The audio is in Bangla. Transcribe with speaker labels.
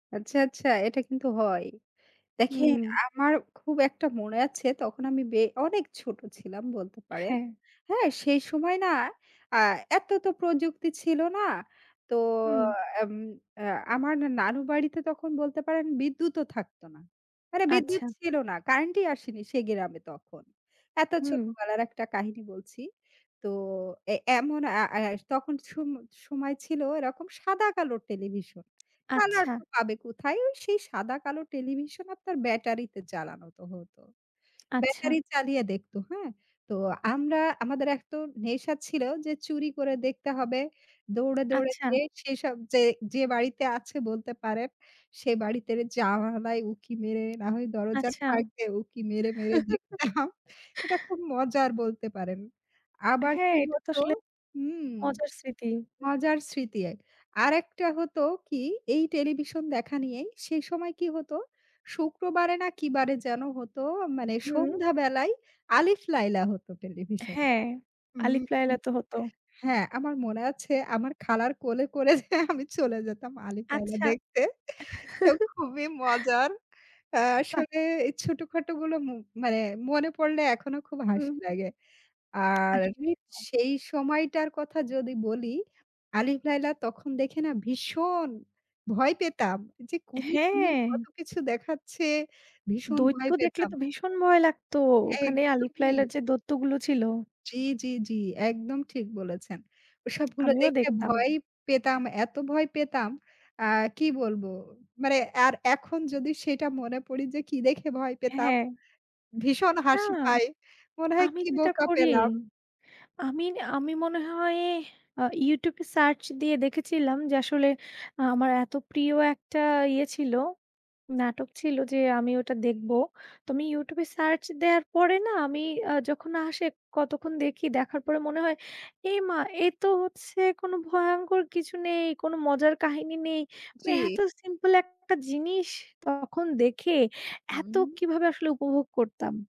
Speaker 1: আচ্ছা, আচ্ছা, এটা কিন্তু হয়। দেখেন
Speaker 2: হুম।
Speaker 1: আমার খুব একটা মনে আছে। তখন আমি বে অনেক ছোট ছিলাম বলতে পারেন।
Speaker 2: হ্যাঁ।
Speaker 1: হ্যাঁ? সেই সময় না আ এত তো প্রযুক্তি ছিল না। তো
Speaker 2: হুম।
Speaker 1: আম আ আমার নানু বাড়িতে তখন বলতে পারেন বিদ্যুৎও থাকত না। মানে বিদ্যুৎ
Speaker 2: আচ্ছা।
Speaker 1: ছিল না। কারেন্টই আসেনি সে গ্রাম এ তখন। এত
Speaker 2: হুম।
Speaker 1: ছোটবেলার একটা কাহিনী বলছি। তো এ এমন আ আ তখন সম সময় ছিল এরকম সাদা-কালোর টেলিভিশন। কালার
Speaker 2: আচ্ছা।
Speaker 1: তো পাবে কোথায়? সেই সাদা-কালো টেলিভিশন আপনার ব্যাটারিতে চালানো তো হত।
Speaker 2: আচ্ছা।
Speaker 1: ব্যাটারি চালিয়ে দেখত, হ্যাঁ? তো আমরা আমাদের এক তো একটা নেশা ছিল যে চুরি করে দেখতে হবে। দৌড়ে, দৌড়ে
Speaker 2: আচ্ছা।
Speaker 1: যে সেসব যে যে বাড়িতে আছে বলতে পারেন। সে বাড়িতে জানালায় উঁকি মেরে, না হয় দরজার
Speaker 2: আচ্ছা।
Speaker 1: ফাঁক দে উঁকি মেরে, মেরে দেখতাম। এটা খুব মজার বলতে পারেন। আবার
Speaker 2: হ্যাঁ,
Speaker 1: কি
Speaker 2: এটা তো
Speaker 1: হত?
Speaker 2: আসলে
Speaker 1: হুম,
Speaker 2: মজার স্মৃতি।
Speaker 1: মজার স্মৃতি এক আর একটা হত কি? এই টেলিভিশন দেখা নিয়েই, সেই সময় কি হত, শুক্রবারে না কি বারে যেন হত মানে
Speaker 2: হুম।
Speaker 1: সন্ধ্যা বেলায় 'Alif Laila' হত টেলিভিশনে
Speaker 2: হ্যাঁ,
Speaker 1: হুম,
Speaker 2: 'Alif
Speaker 1: হুম,
Speaker 2: Laila' তো হত।
Speaker 1: হ্যাঁ। আমার মনে আছে আমার খালার কোলে, কোলে করে যেয়ে আমি চলে যেতাম 'Alif Laila'
Speaker 2: আচ্ছা।
Speaker 1: দেখতে। তো খুবই মজার।
Speaker 2: বাহ!
Speaker 1: আসলে এই ছোটখাটো গুলো ম মানে মনে পড়লে এখনো খুব হাসি
Speaker 2: হুম।
Speaker 1: লাগে। আর
Speaker 2: আসলেই তো।
Speaker 1: সেই সময়টার কথা যদি বলি, 'Alif Laila' তখন দেখে না ভীষণ ভয় পেতাম। যে কুমির-টুমির কত
Speaker 2: হ্যাঁ।
Speaker 1: কিছু দেখাচ্ছে, ভীষণ
Speaker 2: দৈত্য
Speaker 1: ভয়
Speaker 2: দেখলে
Speaker 1: পেতাম।
Speaker 2: তো ভীষণ ভয় লাগত। ওখানে 'Alif
Speaker 1: একদমই।
Speaker 2: Laila' র যে দৈত্যগুলো ছিল।
Speaker 1: জ্বী, জ্বী, জ্বী। একদম ঠিক বলেছেন। ওসবগুলো
Speaker 2: আমিও
Speaker 1: দেখে
Speaker 2: দেখতাম।
Speaker 1: ভয়ই পেতাম। এত ভয় পেতাম, আ কি বলব মানে আর এখন যদি সেটা মনে পড়ি যে কি দেখে ভয় পেতাম।
Speaker 2: হ্যাঁ।
Speaker 1: ভীষণ
Speaker 2: না,
Speaker 1: হাসি পায়। মনে হয়
Speaker 2: আমি
Speaker 1: কি
Speaker 2: যেটা
Speaker 1: বোকা
Speaker 2: করি,
Speaker 1: পেলাম।
Speaker 2: আমি ন আমি মনে হয় আ YouTube এ সার্চ দিয়ে দেখেছিলাম। যে আসলে আমার এত প্রিয় একটা ইয়ে ছিল, নাটক ছিল যে আমি ওটা দেখব। তো আমি YouTube এ সার্চ দেওয়ার পরে না আমি আ যখন আসে। কতক্ষণ দেখি, দেখার পরে মনে হয়। এ মা! এ তো হচ্ছে কোনো ভয়ঙ্কর কিছু নেই, কোনো মজার কাহিনী নেই। মানে
Speaker 1: জ্বী।
Speaker 2: এত সিম্পল একটা জিনিস তখন দেখে এত
Speaker 1: হুম।
Speaker 2: কীভাবে আসলে উপভোগ করতাম?